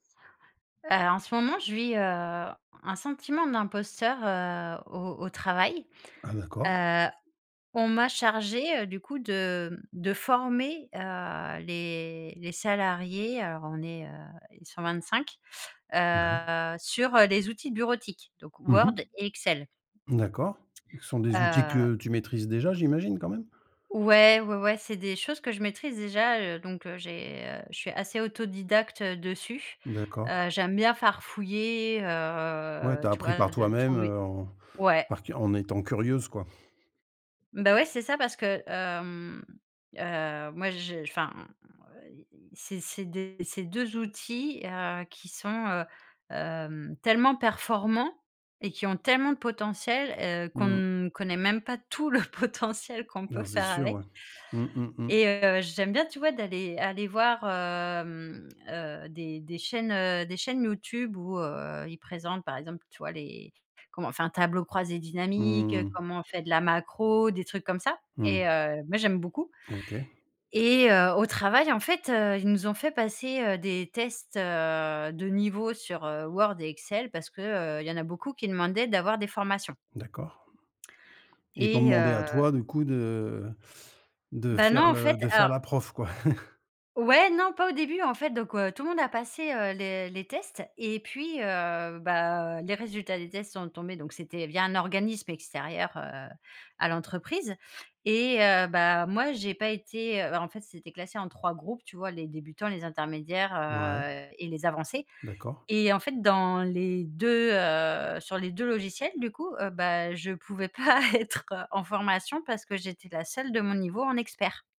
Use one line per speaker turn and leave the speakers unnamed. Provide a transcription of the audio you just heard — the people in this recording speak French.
Heu, en ce moment je vis, heu, un sentiment d'imposteur, heu, au au travail,
Ah, d'accord.
heu, on m'a chargé, heu, du coup de, hem, de former, heu, les les salariés. Alors, on est, heu, eh, 125,
Ouais.
heu, sur, heu, les outils bureautiques donc
Mmh
Word
mh.
et Excel
D'accord. Ce sont des outils
heu
que tu maîtrises déjà j'imagine quand même?
Ouais, ouais, ouais. C'est des choses que je maîtrise, déjà, heu, donc, heu, j'ai, heu, je suis assez autodidacte, heu, dessus,
D'accord.
heu, j'aime bien farfouiller,
Ouais, tu
heu,
as
tu
appris par
vois? De
toi-même,
trouver
heu, en
ouais.
par cur en étant curieuse, quoi?
Beh, ouais, c'est ça parce que hem, heu, moi, je, enfin, m et et c'est c'est des c'est 2 outils, heu, qui sont, heu, hem, tellement performants et qui ont tellement de potentiel, heu, qu'on
Mmh.
ne connaît même pas tout le potentiel qu'on peut
Ben, c'est
faire
sûr,
avec
ouais. Mmh mh, mmh.
et heu, j'aime bien, tu vois? D'aller aller voir, hem, heu, des des chaînes, heu, des chaînes YouTube où, heu, ils présentent, par exemple, tu vois? Les comment on fait un tableau croisé dynamique,
Mmh.
comment on fait de la macro, des trucs comme ça
Mmh.
et heu, moi, j'aime beaucoup
OK.
et heu, au travail, en fait, heu, ils nous ont fait passer, heu, des tests, heu, de niveau sur, heu, Word et Excel parce que, heu, il y en a beaucoup qui demandaient d'avoir des formations
D'accord et ils t'ont
et
demandé à
heu
toi, du coup, de de
Ben,
faire
non, en
le
fait,
de faire
alors
la prof, quoi?
Ouais, non, pas au début, en fait, donc, heu, tout le monde a passé, heu, le les tests et puis, heu, bah, les résultats des tests sont tombés donc c'était via un organisme extérieur, heu, à l'entreprise et heu, bah, moi, j'ai pas été heu, bah, en fait, c'était classé en 3 groupes, tu vois? Les débutants, les intermédiaires,
Ouais.
heu et les avancés
D'accord.
et en fait dans les, 2, heu, sur les 2 logiciels, du coup, heu, bah, je pouvais pas être en formation parce que j'étais la seule de mon niveau en expert.